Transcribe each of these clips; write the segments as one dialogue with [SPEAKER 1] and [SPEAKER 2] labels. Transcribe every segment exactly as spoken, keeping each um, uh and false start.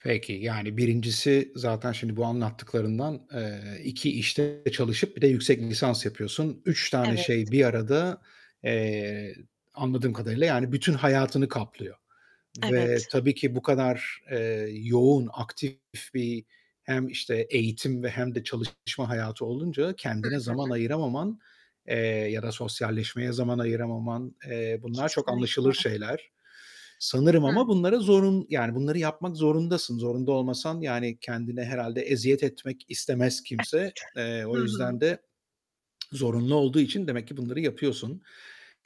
[SPEAKER 1] Peki, yani birincisi, zaten şimdi bu anlattıklarından, eee, iki işte çalışıp bir de yüksek lisans yapıyorsun. üç tane
[SPEAKER 2] Evet.
[SPEAKER 1] şey bir arada, eee, anladığım kadarıyla yani bütün hayatını kaplıyor ve
[SPEAKER 2] Evet.
[SPEAKER 1] tabii ki bu kadar, eee, yoğun, aktif bir hem işte eğitim ve hem de çalışma hayatı olunca
[SPEAKER 2] Hı
[SPEAKER 1] kendine
[SPEAKER 2] hı.
[SPEAKER 1] zaman ayıramaman, eee, ya da sosyalleşmeye zaman ayıramaman, eee, bunlar çok
[SPEAKER 2] Kesinlikle.
[SPEAKER 1] anlaşılır şeyler. Sanırım
[SPEAKER 2] Hıh.
[SPEAKER 1] ama bunlara zorun yani bunları yapmak zorundasın. Zorunda olmasan yani kendine herhâlde eziyet etmek istemez
[SPEAKER 2] Evet.
[SPEAKER 1] kimse. Eee,
[SPEAKER 2] [unintelligible] Hı
[SPEAKER 1] o yüzden
[SPEAKER 2] hı.
[SPEAKER 1] de zorunlu olduğu için demek ki bunları yapıyorsun.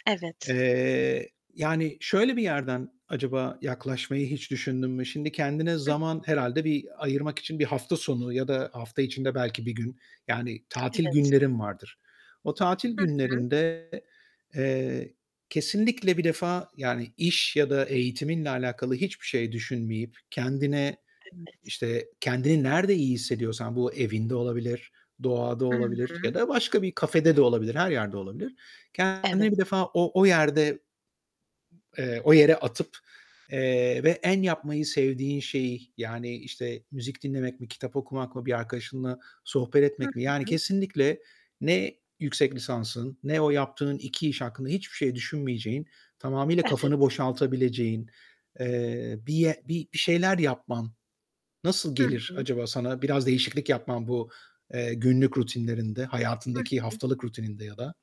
[SPEAKER 2] Evet.
[SPEAKER 1] Eee, yani şöyle bir yerden acaba yaklaşmayı hiç düşündün mü? Şimdi kendine
[SPEAKER 2] Hı.
[SPEAKER 1] zaman herhâlde bir ayırmak için bir hafta sonu ya da hafta içinde belki bir gün yani tatil
[SPEAKER 2] Evet.
[SPEAKER 1] günlerin vardır. O tatil
[SPEAKER 2] Hı hı
[SPEAKER 1] günlerinde, eee, kesinlikle bir defa yani iş ya da eğitiminle alakalı hiçbir şey düşünmeyip kendine,
[SPEAKER 2] Evet.
[SPEAKER 1] işte kendini nerde iyi hissediyorsan, bu evinde olabilir, doğada
[SPEAKER 2] I
[SPEAKER 1] olabilir ya
[SPEAKER 2] hı.
[SPEAKER 1] da başka bir kafede de olabilir, her yerde olabilir,
[SPEAKER 2] Evet.
[SPEAKER 1] kendini bir defa o, o yerde ...eee, o yere atıp, eee, ve en yapmayı sevdiğin şeyi yani işte müzik dinlemek mi, kitap okumak mı, bir arkadaşınla sohbet
[SPEAKER 2] Hı
[SPEAKER 1] etmek mi yani
[SPEAKER 2] hı.
[SPEAKER 1] kesinlikle ne yüksek lisansın ne o yaptığın iki iş hakkında hiçbir şey düşünmeyeceğin, tamamıyla kafanı
[SPEAKER 2] Evet.
[SPEAKER 1] boşaltabileceğin, eee, bir, bir şeyler yapman nasıl
[SPEAKER 2] Hı
[SPEAKER 1] gelir
[SPEAKER 2] hı.
[SPEAKER 1] acaba sana? Biraz değişiklik yapman bu, eee, günlük rutinlerinde,
[SPEAKER 2] Hı
[SPEAKER 1] hayatındaki
[SPEAKER 2] hı.
[SPEAKER 1] haftalık rutininde ya da?